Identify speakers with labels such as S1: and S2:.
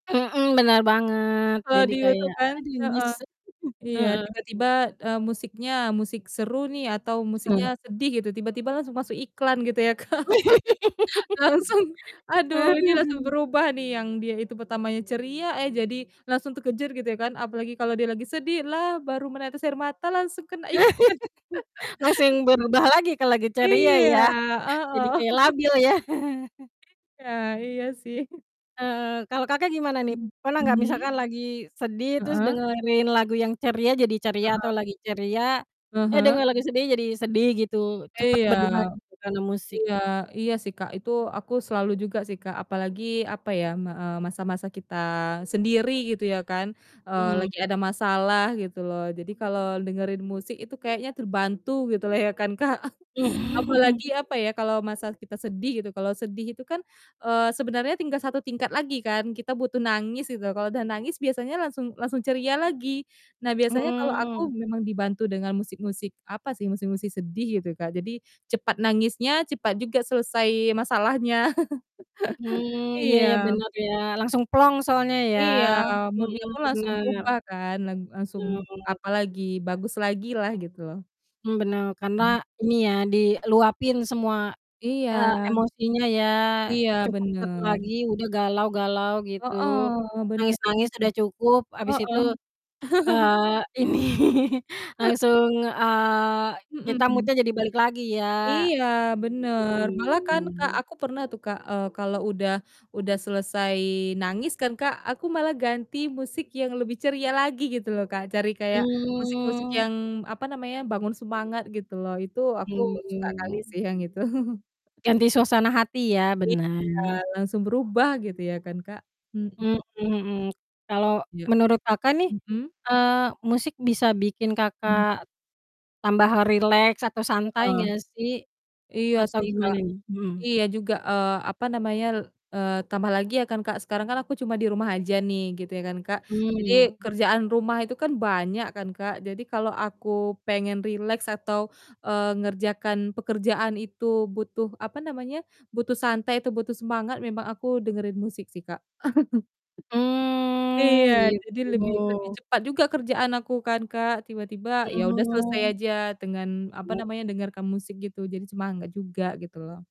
S1: Mhm. Benar banget,
S2: Kalau
S1: jadi
S2: di YouTube
S1: kayak,
S2: kan?
S1: "Aduh,
S2: Heeh.
S1: nyesek."
S2: Iya,
S1: Heeh.
S2: tiba-tiba, eee, musiknya musik seru nih atau
S1: Mhm.
S2: musiknya sedih gitu, tiba-tiba langsung masuk iklan gitu ya, Kak, langsung
S1: Ah
S2: aduh, ini langsung
S1: hah.
S2: berubah nih, yang dia itu pertamanya ceria, eh, jadi langsung terkejer, gitu ya kan, apalagi kalau dia lagi sedih, "Lah, baru menetes air mata langsung kena iklan"
S1: Langsung berubah lagi kalau lagi ceria
S2: Iya,
S1: ya, jadi
S2: heeh.
S1: kayak labil ya.
S2: Iya iya sih.
S1: Heeh, kalau Kakak gimana nih?
S2: Mmm,
S1: Pernah gak
S2: hmm?
S1: misalkan lagi sedih terus
S2: Heeh.
S1: dengerin lagu yang ceria jadi ceria atau
S2: Heeh.
S1: lagi ceria,
S2: Ah
S1: eh,
S2: hah.
S1: denger lagu sedih jadi sedih, gitu? Cepat
S2: Iya.
S1: berubah gitu, karena musik.
S2: Iya iya sih, Kak, itu aku selalu juga sih, Kak, apalagi, apa ya, m eee, masa-masa kita sendiri, gitu ya kan, eee,
S1: Mmm.
S2: lagi ada masalah, gitu loh. Jadi kalau dengerin musik itu kayaknya terbantu, gitulah ya kan, Kak.
S1: Mmm.
S2: Apalagi, apa ya, kalau masalah kita sedih gitu, kalau sedih itu kan, eee, sebenarnya tinggal satu tingkat lagi kan, kita butuh nangis, gitu loh, kalau udah nangis biasanya langsung langsung ceria lagi. Nah, biasanya kalau aku
S1: Mmm.
S2: memang dibantu dengan musik-musik apa sih, musik-musik sedih, gitu, Kak, jadi, cepat nangisnya cepat juga selesai masalahnya.
S1: Mmm, iya iya,
S2: Iya.
S1: bener ya, langsung plong soalnya ya,
S2: Iya. Mood-nya
S1: mhm,
S2: pun langsung
S1: bener.
S2: berubah kan, lang langsung,
S1: Iya, oh.
S2: apa lagi, bagus lagilah, gitu loh.
S1: Mmm, benar, karena
S2: Hmm.
S1: ini ya diluapin semua,
S2: Iya.
S1: eee, emosinya ya,
S2: Iya,
S1: cukup 1
S2: benar.
S1: lagi udah galau-galau, gitu.
S2: Heeh, benar
S1: Nangis-nangis
S2: tuh.
S1: udah cukup,
S2: Heeh.
S1: habis itu, eee, ini langsung, eee, kita
S2: Mhm.
S1: mood-nya jadi balik lagi ya.
S2: Iya, bener.
S1: Mmm,.
S2: Malah kan, Kak,
S1: [unintelligible]
S2: aku pernah tuh, Kak, eee, kalau udah udah selesai nangis kan, Kak, aku malah ganti musik yang lebih ceria lagi gitu loh, Kak, cari kayak musik-musik
S1: Mmm.
S2: yang, apa namanya, bangun semangat gitu loh. Itu aku suka kali
S1: Mmm.
S2: sih yang itu.
S1: Ganti suasana hati ya, benar.
S2: Iya, langsung berubah gitu ya kan, Kak. Mhm.
S1: Mhm mhm. Kalau
S2: Iya.
S1: menurut Kakak nih,
S2: Mhm.
S1: eee, musik bisa bikin
S2: Mhm.
S1: Kakak tambah rileks atau santai
S2: Heeh.
S1: gak sih?
S2: Iya
S1: Atau
S2: sih, Kak.
S1: gimana nih? Mhm.
S2: Iya juga, eee, apa namanya, le eee, tambah lagi ya kan, Kak. Sekarang kan aku cuma di rumah aja nih, gitu ya kan, Kak. Jadi,
S1: Mmm.
S2: kerjaan rumah itu kan banyak kan, Kak, jadi kalau aku pengen rileks atau, eee, ngerjakan pekerjaan itu butuh apa namanya, butuh santai atau butuh semangat, memang aku dengerin musik sih, Kak.
S1: Mmm,
S2: Iya. Jadi lebih lebih
S1: gitu.
S2: cepat juga kerjaan aku kan, Kak. Tiba-tiba, ya udah
S1: Mmm,
S2: selesai
S1: oh.
S2: aja dengan, apa
S1: Wow.
S2: namanya, dengarkan musik, gitu, jadi semangat juga, gitu loh.